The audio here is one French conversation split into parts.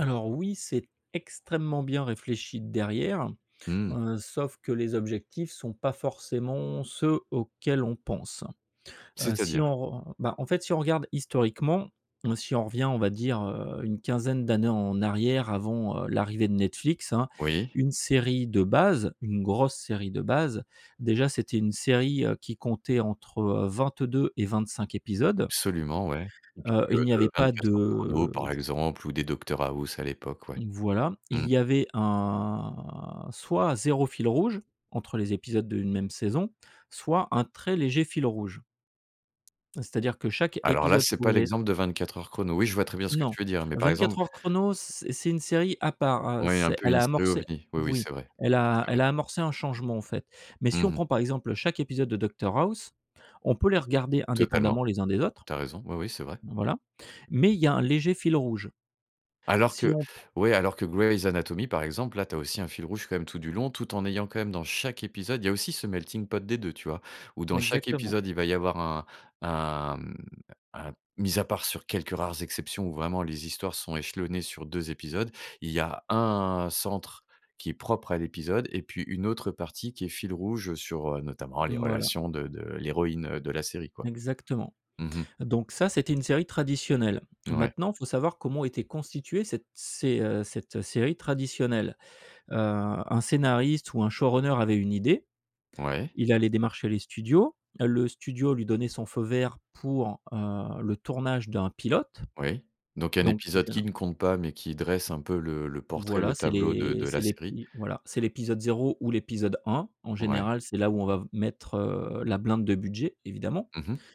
Alors oui, c'est extrêmement bien réfléchi derrière, Mmh. heu, sauf que les objectifs sont pas forcément ceux auxquels on pense. Heu, si C'est-à-dire? on re on on bah, en fait, si on regarde historiquement. Mmh, si on revient, on va dire, heu, une quinzaine d'années en arrière, avant, heu, l'arrivée de Netflix, hein. Oui. Une série de base, une grosse série de base, déjà c'était une série, heu, qui comptait entre, heu, 22 et 25 épisodes. Absolument, ouais, typique, Heu, il heu, n'y avait de pas 24 Heures chrono, de par exemple, ou des Docteur House, à l'époque, ouais. Mmh, voilà. Il Mmh. y avait un soit 0 fil rouge, entre les épisodes d'une même saison, soit un très léger fil rouge. Heu, c'est-à-dire que chaque Alors là, épisode c'est pas pouvait l'exemple de 24 Heures chrono. Oui, je vois très bien ce que Non, tu veux dire, mais par 24 exemple Heures chrono, c c'est une série à part. Heu, Ouais, un c'est peu elle une a série amorcé ovni. Oui, oui, oui, c'est vrai. elle a C'est elle vrai. a amorcé un changement, en fait. Mais si Mmh on mh. prend, par exemple, heu, chaque épisode de Docteur House, on peut les regarder Totalement. indépendamment les uns des autres. Tu as raison, oui, oui, c'est vrai. Bah, voilà, mais il y un léger fil rouge. Alors Si que on pr ouais, alors que Grey's Anatomy, par exemple, là, tu as aussi un fil rouge quand même tout du long, tout en ayant, quand même, dans chaque épisode il y a aussi ce melting pot des 2, tu vois? Où dans chaque Exactement. épisode, il va y avoir un un, mmh, un mis à part sur quelques rares exceptions où vraiment les histoires sont échelonnées sur 2 épisodes, il y a un centre qui est propre à l'épisode. Et puis une autre partie qui est fil rouge, heu, sur, heu, notamment, les Mmh, voilà. relations de de l'héroïne, heu, de la série, quoi. Exactement. Mmh mh. Donc ça, c'était une série traditionnelle. Mouais. Maintenant, faut savoir comment était constituée cette sé heu, cette, heu, série traditionnelle. Heu, un scénariste, ou un showrunner avait une idée. Ouais. Il allait démarcher les studios. Le studio lui donnait son feu vert pour, heu, le tournage d'un pilote, Oui, donc un donc le épisode qui féra ne compte pas mais qui dresse un peu le le portrait, Voilà le c'est tableau de l'é de c'est la série. l'épi voilà, c'est l'épisode 0 ou l'épisode 1. En Ouais. général, c'est là où on va v mettre, heu, la blinde de budget, évidemment. Mmh mh.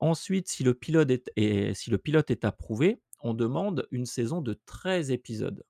Ensuite, si le pilote est t est si le pilote est approuvé, on demande une saison de 13 épisodes.